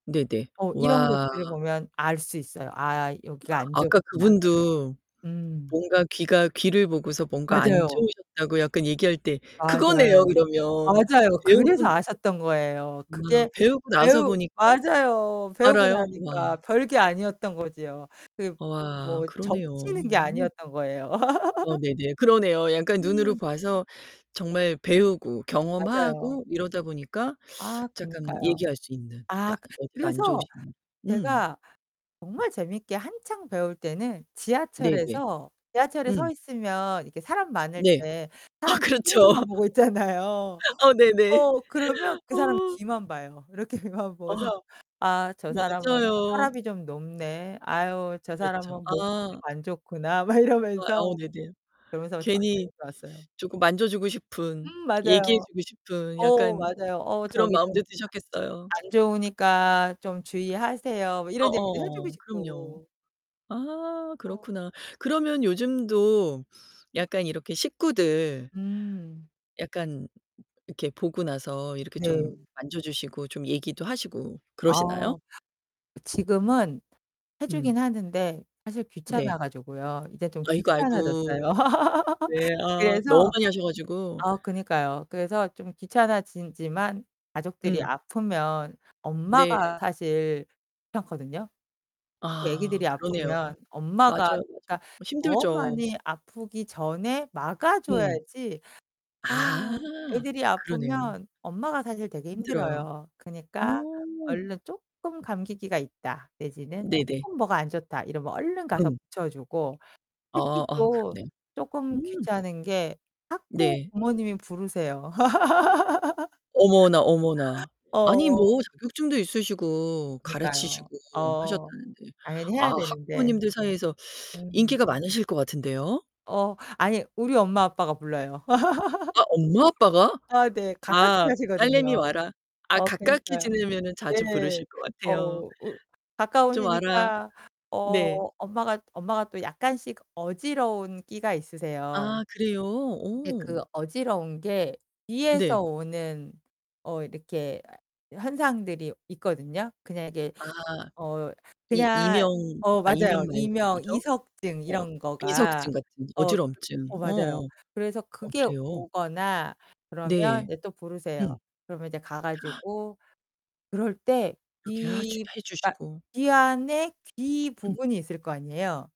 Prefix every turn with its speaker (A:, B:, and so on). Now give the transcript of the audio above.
A: 네네.
B: 어, 이런
A: 와.
B: 것들을 보면 알 수 있어요. '아, 여기가 안
A: 아까
B: 좋구나.'
A: 그분도
B: 음.
A: 뭔가 귀가 귀를 보고서 뭔가 안
B: 맞아요.
A: 좋으셨다고 약간 얘기할 때 그거네요,
B: 맞아요.
A: 그러면.
B: 맞아요. 그래서
A: 배우분
B: 아셨던 거예요.
A: 아,
B: 그게
A: 배우고 나서
B: 배우
A: 보니까
B: 맞아요. 배우고
A: 알아요. 와.
B: 나니까 별 게 아니었던 거지요. 그
A: 어아
B: 뭐
A: 그러네요.
B: 점치는 게
A: 오.
B: 아니었던 거예요.
A: 어, 네네. 그러네요. 약간 눈으로
B: 음.
A: 봐서 정말 배우고
B: 맞아요.
A: 경험하고 이러다 보니까
B: 아,
A: 작감
B: 그니까요.
A: 얘기할 수 있는. 다
B: 아,
A: 어디가 안
B: 그래서
A: 좋으신 음.
B: 제가 정말 재밌게 한창 배울 때는
A: 네네.
B: 지하철에서 지하철에 서
A: 음.
B: 있으면 이렇게 사람 많을
A: 네.
B: 때
A: 아,
B: 사람
A: 그렇죠.
B: 뒤통수만 보고 있잖아요.
A: 아, 네네.
B: 어, 그러면 그 사람
A: 어.
B: 귀만 봐요. 이렇게 귀만
A: 어.
B: 보고서 '아, 저 사람은
A: 맞아요.
B: 혈압이 좀 높네. 아유, 저
A: 그렇죠.
B: 사람은 목이 좀
A: 아.
B: 안 좋구나.' 막
A: 어
B: 이러면서
A: 아우 네네.
B: 그러면서 좀
A: 괜히
B: 맞추면서 왔어요.
A: 쪼끔 만져주고 싶은
B: 음,
A: 얘기해
B: 맞아요.
A: 주고 싶은
B: 어
A: 약간
B: 맞아요. 어,
A: 그런
B: 저기 좀
A: 마음도 드셨겠어요.
B: '안 좋으니까 좀 주의하세요.' 뭐 이런 얘기도 해주고
A: 어어. 그럼요.
B: 싶고.
A: 아
B: 어.
A: 그렇구나. 그러면 요즘도 약간 이렇게 식구들
B: 음.
A: 약간 이렇게 보고 나서 이렇게
B: 네.
A: 좀 만져 주시고 좀 얘기도 하시고 그러시나요?
B: 어. 지금은 해
A: 음.
B: 주긴 하는데 사실
A: 네.
B: 귀찮아 가지고요. 이제 좀
A: 아이구, 아이구.
B: 귀찮아졌어요.
A: 네. 아, 너무
B: 그래서
A: 많이 하셔 가지고.
B: 아, 그니까요. 그래서 좀 귀찮아졌지만 가족들이
A: 음.
B: 아프면
A: 네.
B: 엄마가 사실 귀찮거든요. 특히
A: 아
B: 아기들이
A: 그러네요.
B: 아프면
A: 맞아요,
B: 엄마가
A: 맞아요.
B: 그니까
A: 어
B: 더
A: 힘들죠.
B: 많이 아프기 전에 막아
A: 음.
B: 줘야지.
A: 아.
B: 아우, 애들이
A: 그러네요.
B: 아프면 엄마가 사실 되게
A: 힘들어요.
B: 힘들어요. 그니까
A: 어.
B: 얼른 조금 감기기가 있다 내지는
A: 네네.
B: 조금 뭐가 안 좋다 이러면 얼른 가서
A: 음.
B: 붙여주고. 특히
A: 아, 아.
B: 또
A: 그러네요.
B: 조금
A: 음.
B: 귀찮은 게 자꾸
A: 네.
B: 부모님이 부르세요.
A: 어머나, 어머나. 아니 뭐
B: 어.
A: 자격증도 있으시고 가르치시고
B: 그니까요. 어.
A: 하셨다는데.
B: 당연히
A: 아,
B: 해야 되는데.
A: 학부모님들 사이에서
B: 음.
A: 인기가 많으실 것 같은데요.
B: 어. 아니, 우리 엄마 아빠가 불러요.
A: 아, 엄마 아빠가?
B: 아, 네. 가깝게
A: 아 "딸내미
B: 사시거든요.
A: 와라." 아,
B: 어,
A: 가깝게
B: 그니까요.
A: 지내면은 자주
B: 네.
A: 부르실 것
B: 어,
A: 같아요.
B: 우
A: "좀 와라."
B: 가까우시니까
A: 네.
B: 어 엄마가 엄마가 또 약간씩 어지러운 끼가 있으세요.
A: 아, 그래요?
B: 근데
A: 오.
B: 그 어지러운 게
A: 네.
B: 귀에서 오는 어 이렇게 현상들이 있거든요. 그냥 이게
A: 아.
B: 어,
A: 이
B: 그냥
A: 이명
B: 어,
A: 아,
B: 맞아요.
A: 이명 말고
B: 이명,
A: 뭐죠?
B: 이석증
A: 어,
B: 이런 거가.
A: 비석증 같은
B: 어, 그
A: 어지럼증.
B: 어, 맞아요.
A: 어어.
B: 그래서
A: 어,
B: 그게
A: 그래요?
B: 오거나 그러면
A: 네.
B: 이제 또 부르세요.
A: 음.
B: 그러면 이제 가 가지고 그럴 때
A: 이렇게 하주
B: 귀
A: 해
B: 그러니까
A: 주시고.
B: 귀 안에 귀
A: 음.
B: 부분이 있을 거 아니에요.